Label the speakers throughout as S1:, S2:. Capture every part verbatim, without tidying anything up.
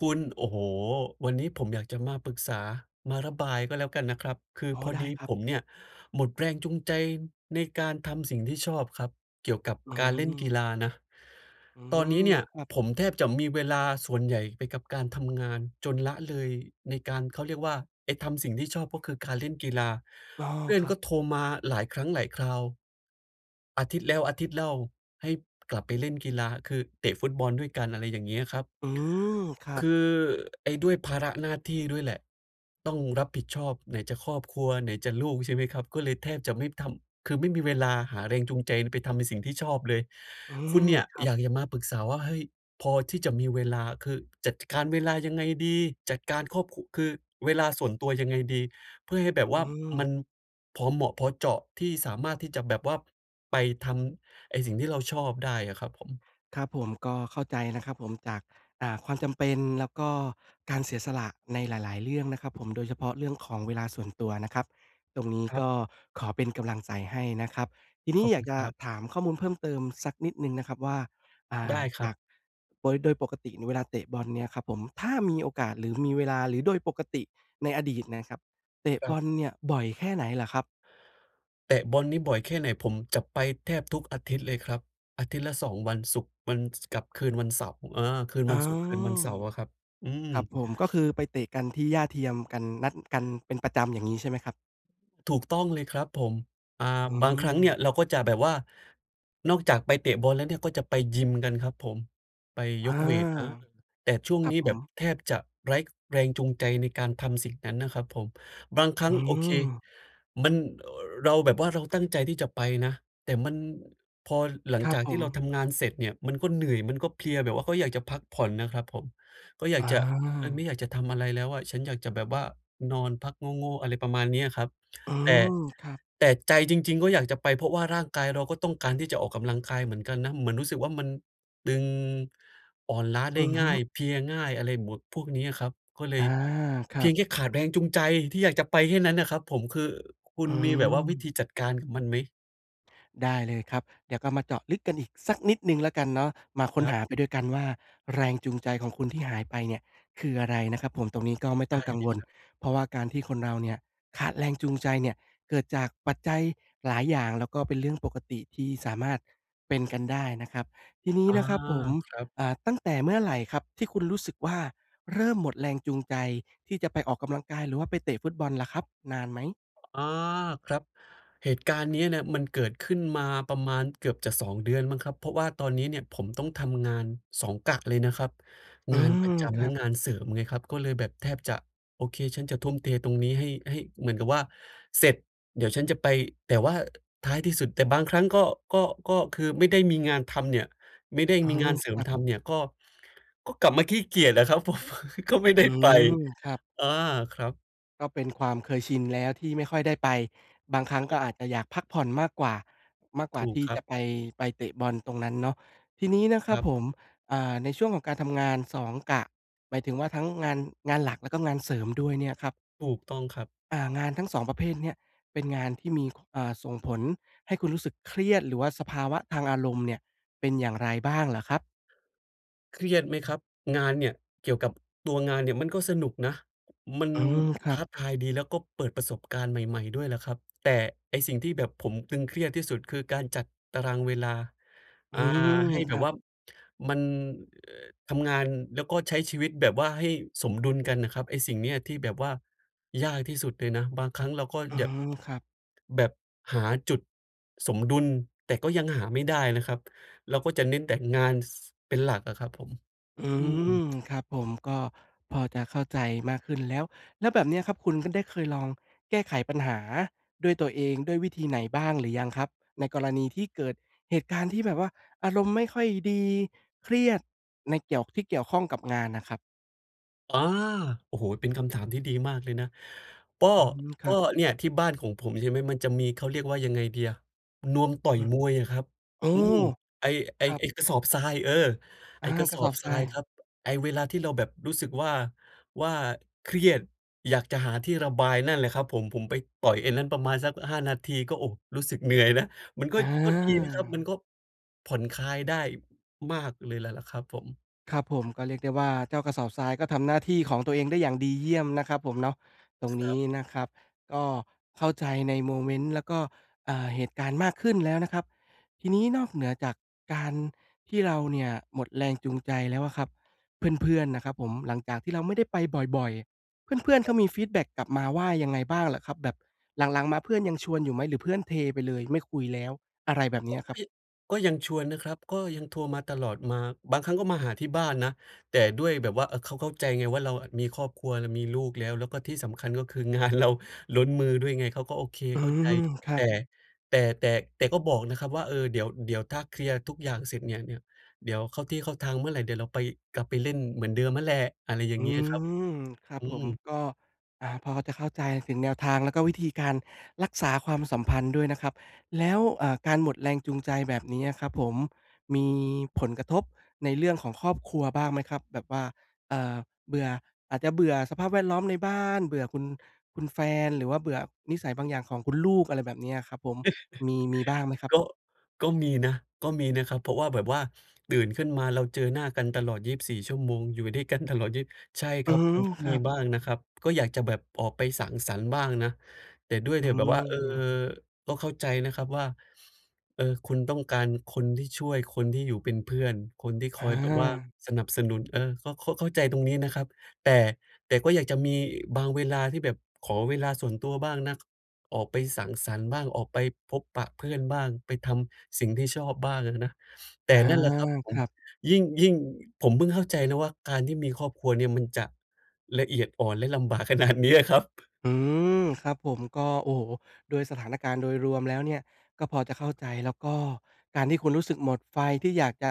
S1: คุณ โอ้โฮ วันนี้ผมอยากจะมาปรึกษา มาระบายก็แล้วกันนะครับ คือ
S2: อ๋อ
S1: พอ
S2: ได้
S1: ดี
S2: ครั
S1: ผ
S2: บ
S1: มเนี่ยหมดแรงจูงใจในการทำสิ่งที่ชอบครับ เกี่ยวกับ
S2: อื
S1: การเล่นกี
S2: ม
S1: ฬานะ
S2: อื
S1: ตอนนี้
S2: ม
S1: เนี่ย
S2: ครับ
S1: ผมแทบจะมีเวลาส่วนใหญ่ไปกับการทำงาน จนละเลย ในการ เขาเรียกว่า ไปทำสิ่งที่ชอบ ก็คือการเล่นกีฬา
S2: อ๋อ
S1: เพื่อ
S2: ค
S1: น
S2: รั
S1: ก
S2: บ
S1: ็โทรมาหลายครั้งหลายคราว อาทิตย์แล้วอาทิตย์เล่าให้กลับไปเล่นกีฬา คือเตะฟุตบอลด้วยกัน อะไรอย่างเงี้ยครับ
S2: อืม ครั
S1: ค
S2: บ
S1: ือ ไอ้ด้วยภาระหน้าที่ด้วยแหละต้องรับผิดชอบ ไหนจะครอบครัว ไหนจะลูกใช่ไหมครับ ก็เลยแทบจะไม่ทำ คือไม่มีเวลาหาแรงจูงใจ น ไปทำในสิ่งที่ชอบเลย
S2: อื
S1: คุ
S2: ม
S1: ณเนี่ย
S2: ครั
S1: อ
S2: บ
S1: ยากจะมาปรึกษาว่า เฮ้ย พอที่จะมีเวลา คือจัด จ การเวลายังไงดี จัดการครอบ ค คือ เวลาส่วนตัวยังไงดี เพื่อให้แบบ
S2: อ
S1: ว
S2: ื
S1: ่ามั
S2: ม
S1: นพอเหมาะพอเจาะที่สามารถ ที่จะแบบว่าไปทำไอ้สิ่งที่เราชอบได้อะครับผม
S2: ครับผม ก็เข้าใจนะครับผม จาก อ่า ความจำเป็น แล้วก็การเสียสละในหลาย ๆ เรื่องนะครับผม โดยเฉพาะเรื่องของเวลาส่วนตัวนะครับ ตรงนี้
S1: คร
S2: ก
S1: ับ
S2: ็ขอเป็นกำลังใจให้นะครับ ทีนี
S1: ข
S2: ้
S1: อบ
S2: อย
S1: คุ
S2: าก
S1: ณ
S2: จ
S1: ค
S2: ะ
S1: รับ
S2: ถามข้อมูลเพิ่มเติมสักนิดหนึ่งนะครับว่า อ่
S1: ได
S2: า
S1: ้คร
S2: จ
S1: ั
S2: าก
S1: บ
S2: โดย โดยปกตินี่เวลาเตะบอลเนี่ยครับผม ถ้ามีโอกาส หรือมีเวลา หรือโดยปกติในอดีตนะครับ เตะ
S1: คร
S2: บ
S1: ับ
S2: อลเนี่ยบ่อยแค่ไหนเหรอครับ?
S1: เตะบอลนี่บ่อยแค่ไหน ผมจะไปแทบทุกอาทิตย์เลยครับ อาทิตย์ละ สอง วัน ศุกร์ วัน ส กับคืนวันเสาร์ อ่า คืน
S2: อ
S1: ว
S2: ๋
S1: ั
S2: อ
S1: นศุกร์ คืนวันเสาร์อะครับ อือ
S2: ครับผม ก็คือไปเตะกันที่หญ้าเทียมกัน นัดกันเป็นประจำ อย่างงี้ใช่ไหมครับ?
S1: ถูกต้องเลยครับผม อ่า
S2: อื
S1: บางครั้งเนี่
S2: ม
S1: ย เราก็จะแบบว่า นอกจากไปเตะบอลแล้วเนี่ย ก็จะไปยิมกันครับผม ไป
S2: อา
S1: ยกเวต อ่า แต่ช่วง
S2: ครั
S1: น
S2: บ
S1: ี้
S2: ผ
S1: แบบ
S2: ม
S1: แทบจะไร้ ก แรงจูงใจในการทำสิ่งนั้นนะครับผม บางครั
S2: อ
S1: ้
S2: ื
S1: ง โอเค
S2: ม
S1: มัน เอ่อ เราแบบว่า เราตั้งใจที่จะไปนะ แต่มัน พอหลั
S2: ค
S1: ง
S2: รั
S1: จ
S2: บ
S1: าก
S2: ผ
S1: ที่เรา
S2: ม
S1: ทำงานเสร็จเนี่ย มันก็เหนื่อย มันก็เพลียแบบว่าก็อยากจะพักผ่อนนะครับผม ก็อยา
S2: อ
S1: ก
S2: า
S1: จะ เฮ้ย ไม่อยากจะทำอะไรแล้วอะ ฉันอยากจะแบบว่านอนพักโง่ ๆ อะไรประมาณเนี้ยครับ
S2: อื
S1: แต่
S2: ม ครับ
S1: แต่ใจจริง ๆ ก็อยากจะไป เพราะว่าร่างกายเราก็ต้องการที่จะออกกำลังกายเหมือนกันนะ เหมือนรู้สึกว่ามันตึง อ่อนล้าได
S2: อื
S1: ้
S2: อฮ
S1: ง
S2: ึ
S1: ่าย เพลียง่าย อะไรบวก พวกเนี้ยครับ ก็เล
S2: อ่า
S1: ย
S2: คร
S1: เพ
S2: ั
S1: ียง
S2: บ
S1: แค่ขาดแรงจูงใจที่อยากจะไปแค่นั้นอะครับผม คือคุณ
S2: อื
S1: มีแบบว่าวิธ
S2: ม
S1: ีจัดการกับมันไหม?
S2: ได้เลยครับ เดี๋ยวก็มาเจาะลึกกันอีกสักนิดหนึ่งแล้วกันเนาะ มาค
S1: ค
S2: ้น
S1: รั
S2: ห
S1: บ
S2: าไปด้วยกันว่าแรง จูงใจของคุณที่หายไปเนี่ย คืออะไรนะครับผม ตรงนี้ก็ไม่
S1: ไ
S2: ต
S1: ด
S2: ้อ
S1: ้
S2: งกัง
S1: เล
S2: ว
S1: ย
S2: ล
S1: ครับ
S2: เพราะว่าการที่คนเราเนี่ย ขาดแรงจูงใจเนี่ย เกิดจากปัจจัยหลายอย่าง แล้วก็เป็นเรื่องปกติที่สามารถเป็นกันได้นะครับ ทีนี้
S1: อา
S2: นะครับผม
S1: ครับ
S2: อ่า ตั้งแต่เมื่อไหร่ครับ? ที่คุณรู้สึกว่าเริ่มหมดแรงจูงใจที่จะไปออกกำลังกาย หรือว่าไปเตะฟุตบอลล่ะครับ นานไหม?
S1: อา ครับ เหตุการณ์เนี้ยนะ มันเกิดขึ้นมาประมาณเกือบจะ สอง เดือนมั้งครับ เพราะว่าตอนนี้เนี่ย ผมต้องทำงาน สอง กะเลยนะครับ
S2: อื
S1: งานป
S2: ม
S1: ระจ
S2: ค
S1: ำแ
S2: ร
S1: ล
S2: ั
S1: ะ
S2: บ
S1: งานเสริมไงครับ ก็เลยแบบแทบจะ โอเค ฉันจะทุ่มเทตรงนี้ ให้ ให้ เหมือนกับว่า เสร็จ เดี๋ยวฉันจะไป แต่ว่าท้ายที่สุด แต่บางครั้ง ก็ ก็ ก็คือไม่ได้มีงานทำเนี่ย ไม่ได้
S2: อื
S1: มีง
S2: ม
S1: านเส
S2: ค
S1: ริ
S2: ร
S1: ม
S2: ับ
S1: ทำเนี่ย ก็ ก็กลับมาขี้เกียจอะ ครับผม ก็ไม่ได
S2: อื
S1: ้ไป
S2: ม ครับ
S1: อา ครับ
S2: ก็เป็นความเคยชินแล้วที่ไม่ค่อยได้ไป บางครั้ง
S1: ค
S2: ก
S1: ร
S2: ็
S1: ับ
S2: อาจจะอยากพักผ่อนมากกว่า มากกว
S1: ถ
S2: ่า
S1: ู
S2: ท
S1: ก
S2: ี่
S1: คร
S2: จ
S1: ั
S2: ะ
S1: บ
S2: ไป ไปเตะบอลตรงนั้นเนาะ ทีนี้นะคร
S1: ค
S2: ั
S1: ร
S2: บ
S1: ับ
S2: ผม อ่า ในช่วงของการทำงาน สอง กะ หมายถึงว่าทั้งงาน งานหลัก แล้วก็งานเสริมด้วยเนี่ยครับ
S1: ถูกต้องครับ
S2: อา งานทั้ง สอง ประเภทเนี่ย เป็นงานที่มี ข อ่า ส่งผลให้คุณรู้สึกเครียด หรือว่าสภาวะทางอารมณ์เนี่ย เป็นอย่างไรบ้างเหรอครับ?
S1: เครียดไหม
S2: อื
S1: คร
S2: ม
S1: ับ งานเนี่ย เกี่ยวกับตัวงานเนี่ย มันก็สนุกนะ มัน
S2: อืม คร
S1: ท
S2: ั
S1: ้
S2: บ
S1: าทายดี แล้วก็เปิดประสบการณ์ใหม่ ๆ ด้วยล่ะครับ แต่ไอ้สิ่งที่แบบผมตึงเครียดที่สุด คือการจัดตารางเวลา
S2: อ
S1: อ
S2: ื
S1: ่า
S2: ม
S1: ให้
S2: ค
S1: แบ
S2: ร
S1: บ
S2: ับ
S1: ว่ามัน เอ่อ ทำงาน แล้วก็ใช้ชีวิตแบบว่าให้สมดุลกันน่ะครับ ไอ้สิ่งเนี้ยที่แบบว่ายากที่สุดเลยนะ บางครั้งเราก็
S2: อื
S1: แยบ
S2: ม ครับ
S1: แบบหาจุดสมดุล แต่ก็ยังหาไม่ได้นะครับ เราก็จะเน้นแต่งาน ส เป็นหลักอะครับผม
S2: อื
S1: อืม
S2: ม ครับผม ก็พอจะเข้าใจมากขึ้นแล้ว แล้วแบบเนี้ยครับ คุณขึ้น ได้เคยลองแก้ไขปัญหาด้วยตัวเอง ด้วยวิธีไหนบ้างหรือยังครับ? ในกรณีที่เกิดเหตุการณ์ที่แบบว่าอารมณ์ไม่ค่อยดี เครียดในเกี่ยว ที่เกี่ยวข้องกับงานน่ะครับ
S1: อา โอ้โฮ เป็นคำถามที่ดีมากเลยนะ ก็
S2: อืม ค
S1: ก
S2: ร
S1: ็
S2: ับ
S1: เนี่ย ที่บ้านของผมใช่ไหม มันจะมี เขาเรียกว่ายังไงดีอะ นวมต่อ
S2: อ
S1: ย
S2: ืม
S1: มวยอะครับ
S2: โอ้
S1: อืม ไอ้ ไอ
S2: ค
S1: ้
S2: รับ
S1: ไอ้กระสอบทราย เออ
S2: อ
S1: ไอ
S2: า
S1: ้กระ
S2: กร
S1: ส
S2: ะ
S1: อ
S2: สอ
S1: บ
S2: บ
S1: ท
S2: ท
S1: ร
S2: ร
S1: า
S2: า
S1: ยค
S2: ย
S1: รับ ไอ้เวลาที่เราแบบรู้สึกว่า ว่า เครียด อยากจะหาที่ระบาย นั่นแหละครับผม ผมไปต่อยไอ้นั่นประมาณสัก ห้า นาที ก็ โอ้ รู้สึกเหนื่อยนะ มันก็ ก็ดีนะครับ มัน
S2: อา
S1: ก็ ผ่อนคลายได้มากเลยแล แหละครับผม
S2: ครับผม ก็เรียกได้ว่า เจ้ากระสอบทรายก็ทำหน้าที่ของตัวเองได้อย่างดีเยี่ยมนะครับผมเนาะ ตรง
S1: ค
S2: น
S1: ร
S2: ี
S1: ั
S2: ้
S1: บ
S2: นะครับก็เข้าใจในโมเมนต์ แล้วก็ เอ่อ เหตุการณ์มากขึ้นแล้วนะครับ ทีนี้นอกเหนือจากการที่เราเนี่ยหมดแรงจูงใจแล้วอะครับ เพื่อน ๆ น่ะครับผม หลังจากที่เราไม่ได้ไปบ่อย ๆ เพื่อน ๆ เ
S1: ค
S2: ข
S1: รับ
S2: ามีฟีดแบ็กกลับมาว่ายังไงบ้างเหรอครับ? แบบหลัง ๆ มาเพื่อนยังชวนอยู่ไหม? หรือเพื่อนเทไปเลย ไม่คุยแล้ว? อะไรแบบ
S1: โ
S2: เ
S1: อ
S2: นี
S1: ๊
S2: ้ยครับ
S1: ย ก็ยังชวนนะครับ ก็ยังโทรมาตลอด มา บางครั้งก็มาหาที่บ้านนะ แต่ด้วยแบบว่าเขาเข้าใจไงว่า เราอะมีครอบครัวและมีลูกแล้ว แล้วก็ที่สำคัญก็คืองาน เรา ล้นมือด้วยไง เขาก็ โอเค
S2: อื
S1: เข้าใจ
S2: ม คร
S1: แ
S2: ั
S1: ต่
S2: บ
S1: แต่ แต่ แต่ก็บอกนะครับว่า เออ เดี๋ยว เดี๋ยวถ้าเคลียร์ทุกอย่างเสร็จเนี่ย เนี่ย เดี๋ยวเข้าที่เข้าทางเมื่อไร เดี๋ยวเราไป กลับไปเล่นเหมือนเดิมนั่นแหละ อะไรอย่า
S2: อ
S1: ง
S2: ื
S1: เงี้ยครับ
S2: ม ครับ
S1: อื
S2: ผ
S1: ม
S2: ม ก็ อ่า พอจะเข้าใจถึงแนวทางแล้วก็วิธีการรักษาความสัมพันธ์ ด้วยนะครับ แล้ว อ่า การหมดแรงจูงใจแบบนี้อะ ครับผม มี ผลกระทบในเรื่องของครอบครัว บ้างไหมครับ? แบบว่า เอ่อ เบื่อ อาจจะเบื่อสภาพแวดล้อมในบ้าน เบื่อคุณ คุณแฟน หรือว่าเบื่อนิสัยบางอย่างของคุณลูก อะไรแบบเนี้ยครับผม มี มีบ้างไหมครับ?
S1: ก็ ก็มีนะ ก็มีนะครับ เพราะว่าแบบว่าตื่นขึ้นมาเราเจอหน้ากันตลอด ยีบสี่ ชั่วโมง อยู่ด้วยกันตลอด ยีบ ใช่ค
S2: อื
S1: รับ มั
S2: ม
S1: นก็
S2: ค
S1: ม
S2: ร
S1: ี
S2: ับ
S1: บ้างนะครับ ก็อยากจะแบบออกไปสังสรรค์บ้างนะ แต่ด้วย
S2: อ
S1: เน
S2: ื
S1: ี่ย แบบว่า เอ่อ
S2: ม
S1: ก็เข้าใจนะครับว่า เออ คุณต้องการคนที่ช่วย คนที่อยู่เป็นเพื่อน คนที่ค
S2: อ
S1: อยแบบว่า
S2: า
S1: สนับสนุน เออ ก็เข้า เข้าใจตรงนี้นะครับ แต่ แต่ก็อยากจะมีบางเวลาที่แบบขอเวลาส่วนตัวบ้างนะ ออกไปสังสรรค์บ้าง ออกไปพบปะเพื่อนบ้าง ไปทำสิ่งที่ชอบบ้างอะนะ แต
S2: อ
S1: ่
S2: า
S1: นั่นแหละครับผ
S2: ค
S1: ม
S2: รับ
S1: ยิ่ง ยิ่ง ผมเพิ่งเข้าใจนะว่า การที่มีครอบครัวเนี่ยมันจะละเอียดอ่อนและลำบาก ขนาดเนี้ยอะครับ
S2: อืม ครับผม ก็ โอ้โฮ โดยสถานการณ์โดยรวมแล้วเนี่ยก็พอจะเข้าใจ แล้วก็การที่คุณรู้สึกหมดไฟที่อยากจะ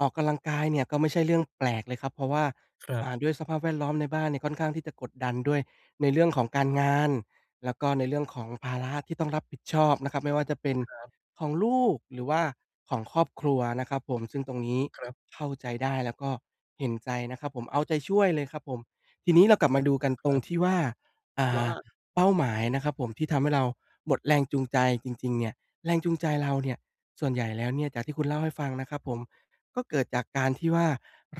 S2: ออกกำลังกายเนี่ยก็ไม่ใช่เรื่องแปลกเลยครับ เพราะว่า
S1: ครั
S2: อ่
S1: บ
S2: า ด้วยสภาพแวดล้อมในบ้านเนี่ยค่อนข้างที่จะกดดันด้วย ในเรื่องของการงานแล้วก็ในเรื่องของภาระที่ต้องรับผิดชอบนะครับ ไม่ว่าจะเป็น
S1: ครับ
S2: ของลูกหรือว่าของครอบครัวนะครับผม ซึ่งตรงนี้
S1: ครับ
S2: เข้าใจได้แล้วก็เห็นใจนะครับผม เอาใจช่วยเลยครับผม ทีนี้เรากลับมา
S1: ขอ
S2: ด
S1: บ
S2: ู
S1: คุณ
S2: ก
S1: ม
S2: ั
S1: า
S2: น
S1: กค
S2: ตร
S1: ร
S2: ง
S1: ับ
S2: ที่ว่า อ่
S1: ว่
S2: า
S1: า?
S2: เป้าหมายนะครับผมที่ทำให้เราหมดแรงจูงใจจริง ๆ เนี่ย แรงจูงใจเราเนี่ย ส่วนใหญ่แล้วเนี่ยจากที่คุณเล่าให้ฟังนะครับผม ก็เกิดจากการที่ว่า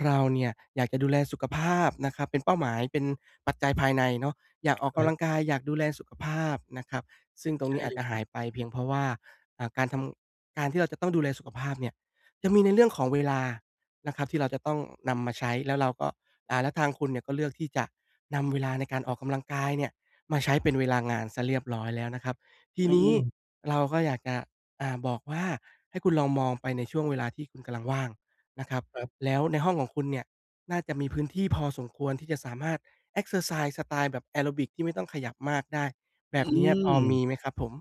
S2: เราเนี่ยอยากจะดูแลสุขภาพนะครับ เป็นเป้าหมาย เป็นปัจจัยภายในเนาะ อยากออก
S1: ค
S2: ก
S1: รั
S2: ำล
S1: บ
S2: ังกาย อยากดูแลสุขภาพนะครับ ซึ่งตร
S1: ใ
S2: ง
S1: ช
S2: น
S1: ่
S2: ี้อา
S1: เล
S2: จจ
S1: ย
S2: ะ
S1: ค
S2: ห
S1: รั
S2: า
S1: บ
S2: ยไปเพียงเพราะว่า อ่า การทำ การที่เราจะต้องดูแลสุขภาพเนี่ยจะมีในเรื่องของเวลานะครับที่เราจะต้องนำมาใช้ แล้วเราก็ อ่า แล้วทางคุณเนี่ยก็เลือกที่จะนำเวลาในการออกกำลังกายเนี่ยมาใช้เป็นเวลางานซะเรียบร้อยแล้วนะครับ ที
S1: อื
S2: นี้
S1: ม ๆ
S2: เราก็อยากจะ อ่า บอกว่า ให้คุณลองมองไปในช่วงเวลาที่คุณกำลังว่างนะครับ
S1: ครับ
S2: แล้วในห้องของคุณเนี่ยน่าจะมีพื้นที่พอสมควรที่จะสามารถเอกเซอร์ไซส์สไตล์แบบแอโรบิกที่ไม่ต้องขยับมากได้ แ
S1: อ
S2: บ
S1: อื
S2: บเนี้ยพอม
S1: ม
S2: ีไหมครับผม?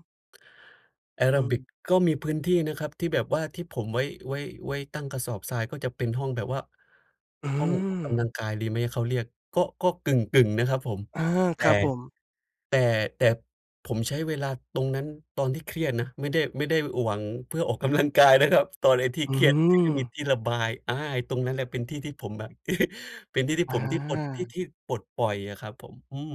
S1: แอ
S2: อ
S1: โ
S2: ื
S1: รบิ
S2: ม
S1: ก ก็มีพื้นที่นะครับ ที่แบบว่าที่ผมไว้ ไว้ ไว้ตั้งกระสอบทราย ก็จะเป็นห้องแบบว่า
S2: อื
S1: ห้องออกกำลั
S2: ม
S1: งกายดีไหม เขาเรียก ก็ ก็กึ่ง ๆ นะครับผม
S2: อา
S1: แต
S2: ค
S1: ่
S2: รับผม
S1: แต่ แต่ผมใช้เวลาตรงนั้นตอนที่เครียดนะ ไม่ได้ ไม่ได้ อ หวังเพื่อออกกำลัง กายนะครับ ตอนไอ้ที่
S2: อื
S1: เครียด ที่ไม่มี
S2: ม
S1: ที่ระบาย อา ไอ้ตรงนั้นแหละเป็นที่ที่ผมแบบ เป็นที่ที่
S2: อ
S1: ผม ที่ปลด ที่
S2: า
S1: ที่ปลดปล่อยอะครับผม อืม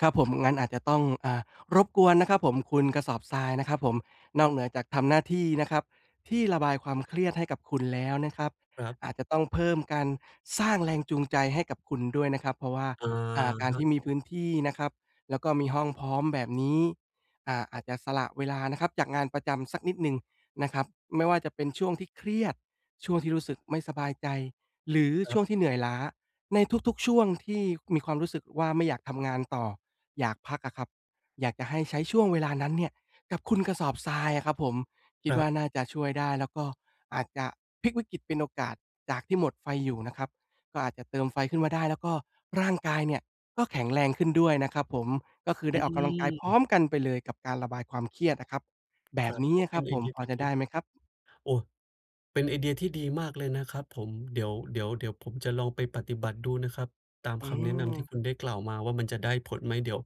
S2: ครับผม งั้นอาจจะต้อง อ่า รบกวนนะครับผมคุณกระสอบทรายนะครับผม นอกเหนือจากทำหน้าที่นะครับที่ระบายความเครียดให้กับคุณ แล้วนะครับ
S1: ครับ
S2: อาจจะต้องเพิ่ม การสร้างแรงจูงใจให้กับคุณด้วยนะครับ เพราะว่า
S1: อะ
S2: อ่า การ
S1: ฮ
S2: ที
S1: ะ
S2: ่มีพื้นที่นะครับ แล้วก็มีห้องพร้อมแบบนี้ อ่า อาจจะสละเวลานะครับจากงานประจำสักนิดหนึ่งนะครับ ไม่ว่าจะเป็นช่วงที่เครียด ช่วงที่รู้สึกไม่สบายใจ หรือ
S1: ค
S2: ช
S1: รั
S2: ่
S1: บ
S2: วงที่เหนื่อยล้า ใน ทุก ๆ ช่วงที่มีความรู้สึกว่า ไม่อยากทำงานต่อ อยากพักอะครับ อยากจะให้ใช้ช่วงเวลานั้นเนี่ยกับคุณกระสอบทรายอะครับผม คิ
S1: ค
S2: ด
S1: ร
S2: ว
S1: ั
S2: ่า
S1: บ
S2: น่าจะช่วยได้ แล้วก็อาจจะพลิกวิกฤตเป็นโอกาส จากที่หมดไฟอยู่นะครับ ก็อาจจะเติมไฟขึ้นมาได้ แล้วก็ร่างกายเนี่ยก็แข็งแรงขึ้นด้วยนะครับผม ก็คือไ
S1: อ
S2: ด้
S1: ื
S2: ออกกำลังกายพร้
S1: ม
S2: อมกันไปเลยกับการระบายความเครียดนะครับ แบ
S1: คร
S2: บ
S1: ับ
S2: นี้
S1: โอ้
S2: อะ
S1: เ
S2: ค
S1: ป
S2: ร
S1: ็
S2: ั
S1: น
S2: บ
S1: ไอ
S2: ผม
S1: เดีย
S2: พอ
S1: ที่
S2: จะ
S1: ดี
S2: ได้ไหมครับ?
S1: โอ้ เป็นไอเดียที่ดีมากเลยนะครับผม เดี๋ยว เดี๋ยว เดี๋ยวผมจะลองไปปฏิบัติดูนะครับตาม
S2: อื
S1: คำแนะนำที่
S2: ม
S1: คุณได้กล่าวมาว่า มันจะได้ผลไหม? เดี๋ยว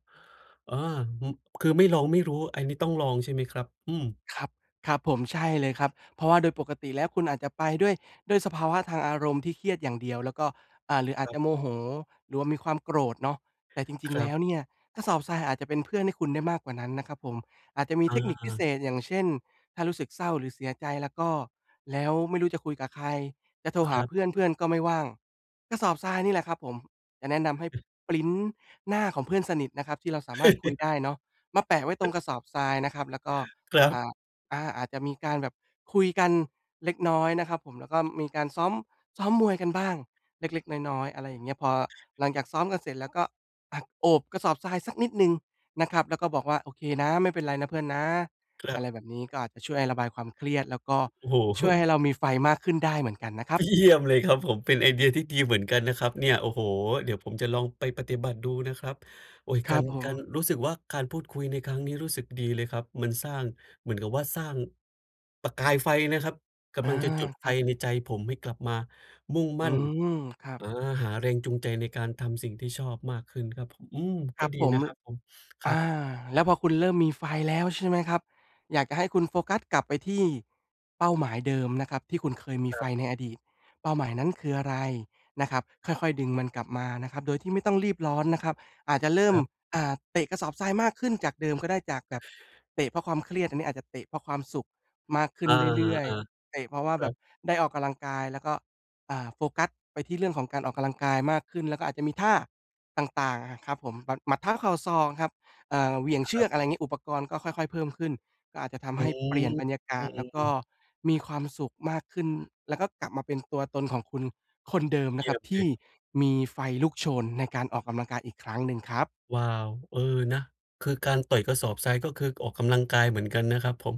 S1: เออ อืม คือไม่ลองไม่รู้ ไอ นี้ต้องลองใช่ไหมครับ? อืม
S2: อ ครับ ครับผม ใช่เลยครับ เพราะว่าโดยปกติแล้วคุณอาจจะไปด้วย ด้วยสภาวะทางอารมณ์ที่เครียดอย่างเดียว แล้วก็ อ่า หรืออา
S1: ค
S2: จ
S1: รั
S2: จ
S1: บ
S2: ะโมโหหรือว่ามีความโกรธเนาะ แต่จริ
S1: ค
S2: ง ๆ
S1: ร
S2: แ
S1: ั
S2: ล้
S1: บ
S2: วเนี่ยกระสอบทรายอาจจะเป็นเพื่อนให้คุณได้มากกว่านั้นนะครับผม อาจจะมีเ
S1: อ
S2: ทคนิคพิเศ
S1: า
S2: ษ อย่างเช่น ถ้ารู้สึกเศร้าหรือเสียใจล่ะก็ แล้วไม่รู้จะคุยกับใคร จะโทร
S1: ค
S2: หา
S1: รับ
S2: เพื่อน เพื่อนก็ไม่ว่าง กระสอบทรายนี่แหละครับผม จะแนะนำให้พรินต์หน้าของเพื่อนสนิทนะครับที่เราสามารถคุยได้เนาะ มาแปะไว้ตรงกระสอบทรายนะครับ แล้วก็
S1: ครั
S2: อ
S1: บ
S2: ่า อา อาจจะมีการแบบคุยกันเล็กน้อยนะครับผม แล้วก็มีการ ซ้อม ซ้อมมวยกันบ้างเล็ก ๆ น้อย ๆ อะไรอย่างเงี้ย พอหลังจากซ้อมกันเสร็จแล้วก็ อะ โอบกระสอบทรายสักนิดหนึ่งนะครับ แล้วก็บอกว่า "โอเคนะ ไม่เป็นไรนะเพื่อนนะ"
S1: คร
S2: อ
S1: ั
S2: ะไรแบบนี้
S1: บ
S2: ก็อาจจะช่วยระบายความเครียดแล้วก็
S1: โอ้
S2: ช
S1: โฮ
S2: ่วยให้เรามีไฟมากขึ้นได้เหมือนกันนะครับ
S1: เยี่ยม เลยครับผม เป็นไอเดียที่ดีเหมือนกันนะครับเนี่ย โอ้โฮ เดี๋ยวผมจะลองไปปฏิบัติดูนะครับ โอ๊ย
S2: ค
S1: ก
S2: ร
S1: า
S2: ับ
S1: ร
S2: ผ
S1: ก
S2: ม
S1: าร รู้สึกว่า การพูดคุยในครั้งนี้รู้สึกดีเลยครับ มันสร้าง เหมือนกับว่า สร้าง ประกายไฟนะครับ ก
S2: อา
S1: ำลังจะจุด
S2: ค
S1: ไฟ
S2: รับ
S1: ในใจผมให้กลับมามุ่งม
S2: อื
S1: ั่น
S2: ม ครับ
S1: อา หาแรงจูงใจในการทำสิ่งที่ชอบมากขึ้นครับผม อืม
S2: ค
S1: ก
S2: ร
S1: ็
S2: ับ
S1: ดี
S2: ผม
S1: นะ
S2: ล
S1: ครับผม ค
S2: อ
S1: รับ
S2: า แล้วพอคุณเริ่มมีไฟแล้วใช่ไหมครับ อยากจะให้คุณโฟกัสกลับไปที่เป้าหมายเดิมนะครับที่คุณเคยมีไฟในอดีต เป้าหมายนั้นคืออะไร? นะครับ ค่อย ๆ ดึงมันกลับมานะครับโดยที่ไม่ต้องรีบร้อนนะครับ อาจจะเริ่
S1: ค
S2: ม
S1: รับ
S2: อ่า เตะกระสอบทรายมากขึ้นจากเดิมก็ได้ จากแบบเตะเพราะความเครียด อันนี้อาจจะเตะเพราะความสุขมากขึ
S1: อ
S2: ้
S1: า
S2: นเ
S1: ฮ
S2: ร
S1: า
S2: ื่อย
S1: อา
S2: ๆ เตะ เพราะว่า
S1: ค
S2: แ
S1: ร
S2: บ
S1: ั
S2: บ
S1: บ
S2: ได้ออกกำลังกาย แล้วก็ อ่า โฟกัสไปที่เรื่องของการออกกำลังกายมากขึ้น แล้วก็อาจจะมีท่าต่าง ๆ อะครับผม หมัด หมัด เท้า เข่า ศอก ครับ เอ่อ เหวี่ยง
S1: ค
S2: เช
S1: ร
S2: ื
S1: ั
S2: อ
S1: บ
S2: ก อะไรงี้ อุปกรณ์ก็ค่อย ๆ เพิ่มขึ้น ก็อาจจะท
S1: อ
S2: ำใ
S1: ื
S2: ห้เปลี่ยนบรรยากาศ แล้วก็
S1: ม
S2: มีความสุขมากขึ้น แล้วก็กลับมาเป็นตัวตนของคุณคนเดิมน
S1: เย
S2: ะ
S1: ี
S2: ค
S1: ่
S2: รั
S1: ย
S2: บ
S1: ม
S2: ท
S1: เล
S2: ี่
S1: ย
S2: มีไฟลุกโชนในการออกกำลังกายอีกครั้งหนึ่งครับ
S1: ว้าว เออ นะ คือการต่อยกระสอบทรายก็คือออกกำลังกายเหมือนกันนะครับผม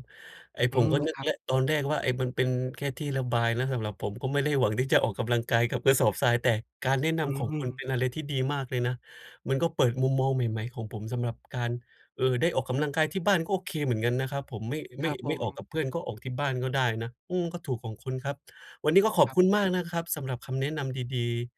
S1: ไอ้
S2: อื
S1: ผม
S2: ม
S1: ก็นึ
S2: ค
S1: ก
S2: รั
S1: แ
S2: บ
S1: ล้วตอนแรกว่า ไอ้ มันเป็นแค่ที่ระบายนะสำหรับผม ก็ไม่ได้หวังที่จะออกกำลังกายกับกระสอบทราย แต่การแนะน
S2: อื
S1: ำของคุณ
S2: ม
S1: เป็นอะไรที่ดีมากเลยนะ มันก็เปิดมุมมองใหม่ ๆ ของผมสำหรับการ เอ่อ ได้ออกกำลังกายที่บ้านก็โอเคเหมือนกันนะครับผม ไม่ ไ
S2: ค
S1: ม่
S2: รับผ
S1: ไม่ออก
S2: ม
S1: กับเพื่อนก็ออกที่บ้านก็ได้นะ อืม ก็ถูกของคุณครับ วันนี้ก็ขอ
S2: ค
S1: บ
S2: รับ
S1: คุณ
S2: ผ
S1: มาก
S2: ม
S1: นะครับสำหรับคำแนะนำดี ๆ